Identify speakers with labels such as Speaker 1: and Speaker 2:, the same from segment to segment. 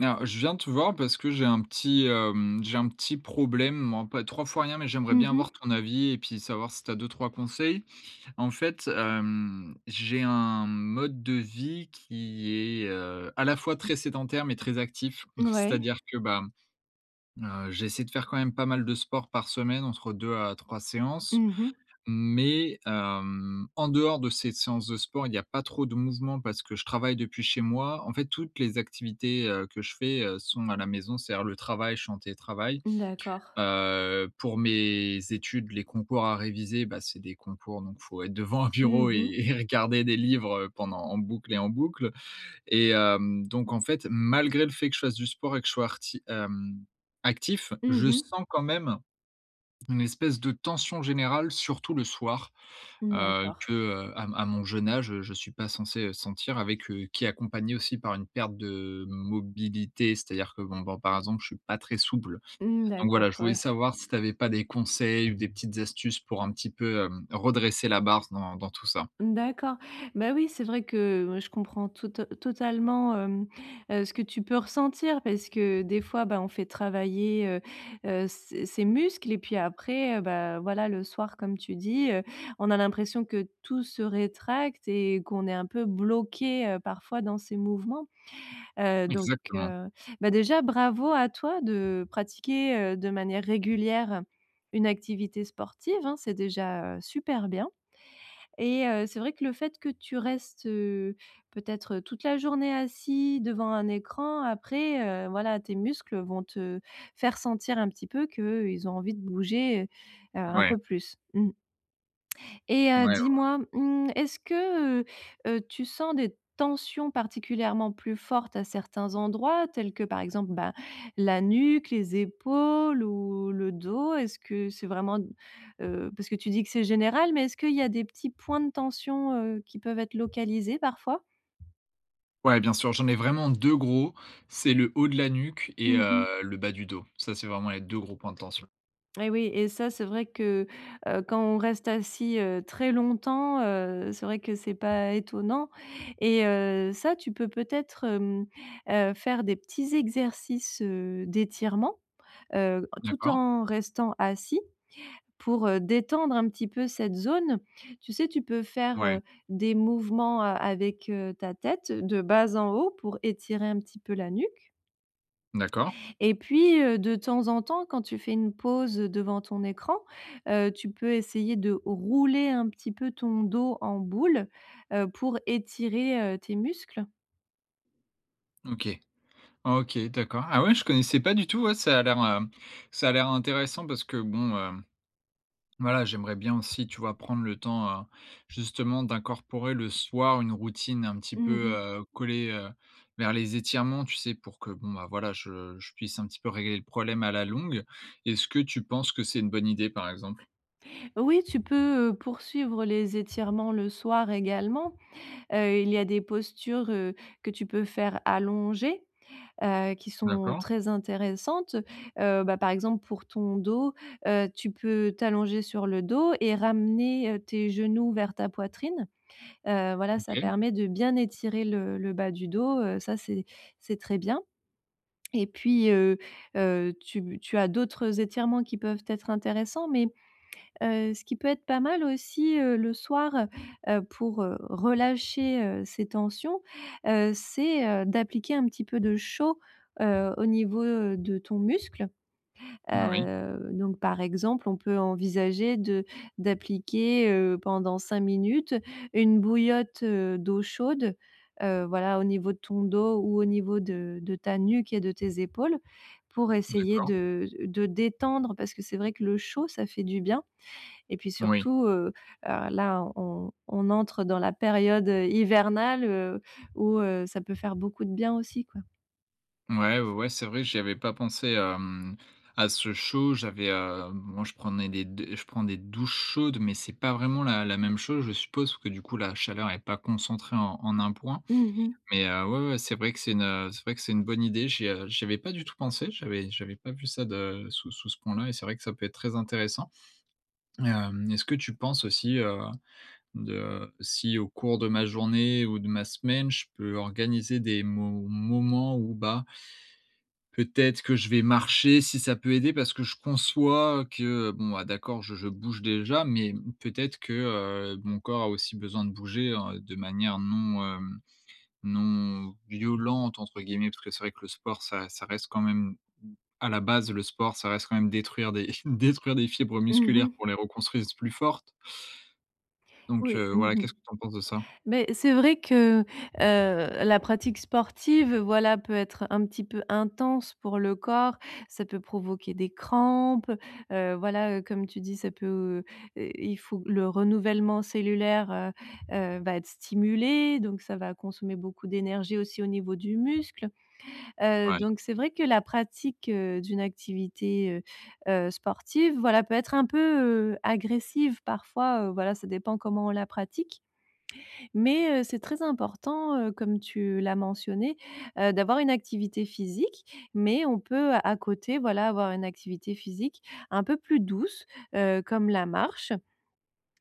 Speaker 1: Alors je viens de te voir parce que j'ai un petit, hem j'ai un petit problème en pas trois fois rien, mais j'aimerais
Speaker 2: Mmh
Speaker 1: bien avoir
Speaker 2: mh.
Speaker 1: ton avis et puis savoir si tu as 2-3 conseils? En fait, hem, j'ai un mode de vie qui est, heu, à la fois très sédentaire mais très actif,
Speaker 2: N ouais.
Speaker 1: c'est-à-dire que bah, mmh, heu, j'essaie de faire quand même pas mal de sport par semaine entre 2 à 3 séances,
Speaker 2: Mmh mh.
Speaker 1: mais hem, en dehors de ces séances de sport, il y a pas trop de mouvement parce que je travaille depuis chez moi. En fait, toutes les activités, heu, que je fais, heu, sont à la maison, c'est-à-dire, le travail, je suis en télétravail,
Speaker 2: Mmh d'accord.
Speaker 1: heu, pour mes études, les concours à réviser, bah, c'est des concours donc il faut être devant un
Speaker 2: Mmh
Speaker 1: bureau et
Speaker 2: mh.
Speaker 1: et regarder des livres, heu, pendant en boucle et en boucle et hem, donc en fait, malgré le fait que je fasse du sport et que je sois arti hem, actif.
Speaker 2: Mmh
Speaker 1: Je
Speaker 2: mh.
Speaker 1: sens quand même, une espèce de tension générale, surtout le soir,
Speaker 2: Mmh
Speaker 1: heu,
Speaker 2: d'accord.
Speaker 1: que, heu, à à mon jeune âge, heu, je suis pas censé, heu, sentir avec heu, qui est accompagné aussi par une perte de mobilité, c'est-à-dire que bon, ben, par exemple, je suis pas très souple,
Speaker 2: Mmh,
Speaker 1: donc
Speaker 2: d'accord,
Speaker 1: voilà, je voulais
Speaker 2: ouais.
Speaker 1: savoir si tu avais pas des conseils ou des petites astuces pour un petit peu, hem, redresser la barre s dans dans tout ça?
Speaker 2: Mmh d'accord. Bah oui, c'est vrai que moi je comprends tote totalement, hem, heu, ce que tu peux ressentir parce que des fois bah, on fait travailler, heu heu, ses ses muscles et puis après, heu, bah, voilà le soir comme tu dis, heu, on a l'impression que tout se rétracte, et qu'on est un peu bloqué, heu, parfois dans ces mouvements, heu, donc
Speaker 1: Exactement.
Speaker 2: heu, bah, déjà bravo à toi de pratiquer, heu, de manière régulière une activité sportive, hein. C'est déjà, heu, super bien et heu, c'est vrai que le fait que tu restes, heu, peut-être, heu, toute la journée assis devant un écran, après, heu, voilà, tes muscles, heu, vont te faire sentir un petit peu qu'ils ont envie de bouger, heu heu, un
Speaker 1: Ouais.
Speaker 2: peu plus. Mmh et heu,
Speaker 1: Ouais, ouais.
Speaker 2: dis-moi, mmh est-ce que, heu heu, tu sens des tensions particulièrement plus fortes à certains endroits, tels que par exemple bah, la nuque, les épaules ou le dos? Est-ce que c'est vraiment d heu, parce que tu dis que c'est général, mais est-ce qu'il y a des petits points de tension, heu, qui peuvent être localisés parfois?
Speaker 1: Ouais, bien sûr, j'en ai vraiment 2 gros. C'est le haut de la nuque et
Speaker 2: Mmh
Speaker 1: heu,
Speaker 2: mh.
Speaker 1: le bas du dos. Ça, c'est vraiment les 2 gros points de tension.
Speaker 2: Et oui et ça c'est vrai que, heu, quand on reste assis, heu, très longtemps, heu, c'est vrai que c'est pas étonnant et heu, ça, tu peux peut-être, hem, heu, faire des petits exercices, heu, d'étirement, heu, tout
Speaker 1: D'accord.
Speaker 2: en restant assis pour, heu, détendre un petit peu cette zone. Tu sais, tu peux faire,
Speaker 1: Ouais.
Speaker 2: heu, des mouvements a avec heu, ta tête de bas en haut pour étirer un petit peu la nuque
Speaker 1: D'accord.
Speaker 2: et puis heu, de temps en temps, quand tu fais une pause devant ton écran, heu, tu peux essayer de rouler un petit peu ton dos en boule, heu, pour étirer, heu, tes muscles.
Speaker 1: OK. OK, d'accord. Ah ouais, je connaissais pas du tout ouais, ça a l'air, hem, ça a l'air intéressant parce que bon, hem, voilà, j'aimerais bien aussi tu vois prendre le temps, heu, justement d'incorporer le soir une routine un petit
Speaker 2: Mmh
Speaker 1: peu,
Speaker 2: mh.
Speaker 1: heu, collée, heu, vers les étirements. Tu sais pour que bon, bah, voilà je je puisse un petit peu régler le problème à la longue. Est-ce que tu penses que c'est une bonne idée par exemple?
Speaker 2: Oui, tu peux, heu, poursuivre les étirements le soir également, heu, il y a des postures, heu, que tu peux faire allongé, heu, qui sont
Speaker 1: D'accord.
Speaker 2: très intéressantes, heu, bah, par exemple pour ton dos, heu, tu peux t'allonger sur le dos et ramener, heu, tes genoux vers ta poitrine, heu, voilà. Ça
Speaker 1: OK.
Speaker 2: permet de bien étirer le le bas du dos, heu, ça c'est c'est très bien et puis, heu heu, tu b tu as d'autres étirements qui peuvent être intéressants. Mais heu, ce qui peut être pas mal aussi, heu, le soir, heu, pour heu, relâcher, heu, ces tensions, heu, c'est heu, d'appliquer un petit peu de chaud, heu, au niveau, heu, de ton muscle,
Speaker 1: N oui.
Speaker 2: heu, donc par exemple, on peut envisager de d'appliquer, heu, pendant 5 minutes une bouillotte, heu, d'eau chaude, heu, voilà. Au niveau de ton dos ou au niveau de de ta nuque et de tes épaules pour essayer
Speaker 1: D'accord.
Speaker 2: de de détendre parce que c'est vrai que le chaud, ça fait du bien et puis
Speaker 1: Oui.
Speaker 2: surtout, heu, alors là on on entre dans la période, heu, hivernale, heu où heu, ça peut faire beaucoup de bien aussi, quoi.
Speaker 1: Mouais. Ouais, ouais, c'est vrai j'y avais pas pensé à mmh à ce chaud, j'avais hem moi je prenais des d je prends des douches chaudes, mais c'est pas vraiment la la même chose, je suppose parce que du coup la chaleur est pas concentrée en en un point,
Speaker 2: Mmh mh.
Speaker 1: mais heu, ouais, ouais, c'est vrai que c'est une, heu c'est vrai que c'est une bonne idée, j'y a j'y avais pas du tout pensé. J'avais j'avais pas vu ça de sous sous ce point là et c'est vrai que ça peut être très intéressant, hem. Est-ce que tu penses aussi, heu, de si au cours de ma journée ou de ma semaine, je peux organiser des mo moments, où, bah peut-être que je vais marcher si ça peut aider parce que je conçois, heu, que, bon, bah, d'accord, je je bouge déjà, mais mmh, peut-être que, heu, mon corps a aussi besoin de bouger, heu, de manière non, hem «non violente» entre guillemets parce que c'est vrai que le sport ça ça reste quand même m à la base le sport, ça reste quand même détruire des détruire des fibres
Speaker 2: Mmh
Speaker 1: musculaires
Speaker 2: mh.
Speaker 1: pour les reconstruire plus fortes donc
Speaker 2: Oui,
Speaker 1: heu,
Speaker 2: mmh
Speaker 1: ouais,
Speaker 2: mh.
Speaker 1: qu'est-ce que tu en penses de ça?
Speaker 2: Beh, c'est vrai que, heu, la pratique sportive, heu, voilà, peut être un petit peu intense pour le corps, ça peut provoquer des crampes, heu, voilà. Comme tu dis ça peut, heu et il faut le renouvellement cellulaire, heu heu, va être stimulé, donc ça va consommer beaucoup d'énergie aussi au niveau du muscle, heu,
Speaker 1: Ouais.
Speaker 2: donc c'est vrai que la pratique, heu, d'une activité, heu heu, sportive, voilà peut être un peu, heu, agressive parfois, heu, voilà, ça dépend comment on la pratique mais heu, c'est très important, heu, comme tu l'as mentionné, heu, d'avoir une activité physique. Mais on peut à côté, voilà, avoir une activité physique un peu plus douce, heu, comme la marche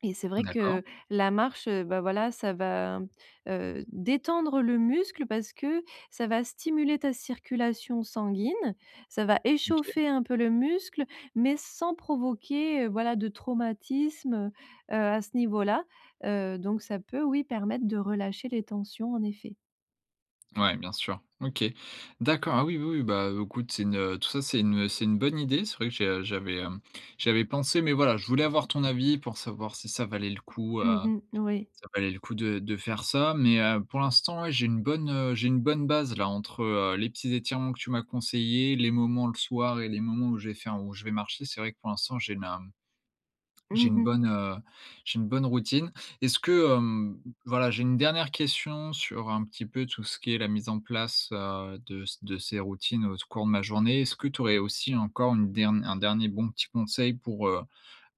Speaker 2: et c'est vrai
Speaker 1: D'accord.
Speaker 2: que la marche, heu, bah, voilà ça va mmh, heu, détendre le muscle parce que, ça va stimuler ta circulation sanguine, ça va
Speaker 1: OK.
Speaker 2: échauffer un peu le muscle, mais sans provoquer, heu, voilà de traumatisme, heu heu, à ce niveau-là, heu, donc ça peut, oui, permettre de relâcher les tensions, en effet.
Speaker 1: Ouais, bien sûr. OK. D'accord. Ah oui, oui, oui! Bah, heu, écoute, c'est une, heu, tout ça, c'est une, heu, c'est une bonne idée, c'est vrai que j'ai, heu, j'avais, hem, j'avais pensé, mais voilà, je voulais avoir ton avis pour savoir si ça valait le coup, heu,
Speaker 2: Mmh, n oui.
Speaker 1: ça valait le coup de de faire ça. Mais, heu, pour l'instant ouais, j'ai une bonne, heu, j'ai une bonne base là, entre, heu, les petits étirements que tu m'as conseillés, les moments le soir et les moments où je vais faire où je vais marcher, c'est vrai que pour l'instant, j'ai une, hem, j'ai
Speaker 2: Mmh
Speaker 1: une
Speaker 2: mh.
Speaker 1: bonne, heu, j'ai une bonne routine. Est-ce que, hem, voilà, j'ai une dernière question sur un petit peu tout ce qui est la mise en place, heu, de s de ces routines au cours de ma journée. Est-ce que tu aurais aussi encore une dern un dernier bon petit conseil pour, heu,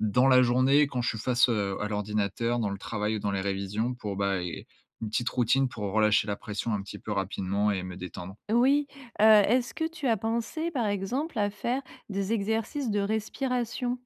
Speaker 1: dans la journée, quand je suis face, heu, à l'ordinateur dans le travail ou dans les révisions, pour bah, heu, une petite routine pour relâcher la pression un petit peu rapidement et me détendre?
Speaker 2: Oui, heu, est-ce que tu as pensé, par exemple, à faire des exercices de respiration?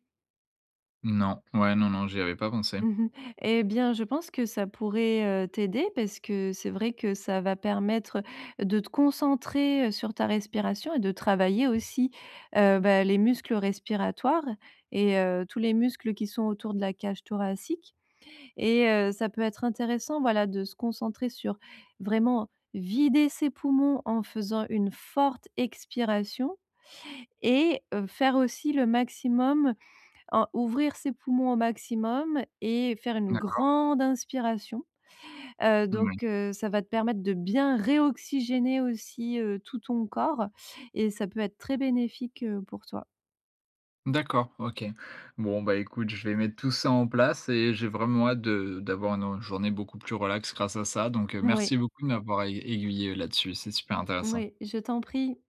Speaker 1: Non, ouais, non, non, j'y avais pas pensé.
Speaker 2: Mmh mh. Et bien, je pense que ça pourrait, heu, t'aider parce que c'est vrai que ça va permettre, heu, de te concentrer, heu, sur ta respiration et de travailler aussi, heu, bah, les muscles respiratoires et heu, tous les muscles qui sont autour de la cage thoracique. Et heu, ça peut être intéressant, voilà, de se concentrer sur, vraiment, vider ses poumons en faisant une forte expiration et heu, faire aussi le maximum, heu, ouvrir ses poumons au maximum et faire une
Speaker 1: D'accord.
Speaker 2: grande inspiration. Heu,
Speaker 1: Moui.
Speaker 2: donc, heu, ça va te permettre de bien réoxygéner aussi, heu, tout ton corps, et ça peut être très bénéfique, heu, pour toi.
Speaker 1: D'accord, OK. Bon, bah, écoute, je vais mettre tout ça en place et j'ai vraiment hâte de d'avoir une, heu, journée beaucoup plus relax grâce à ça. Donc, heu,
Speaker 2: Moui.
Speaker 1: merci beaucoup de m'avoir aigu aiguillé, heu, là-dessus, c'est super intéressant.
Speaker 2: Moui, je t'en prie!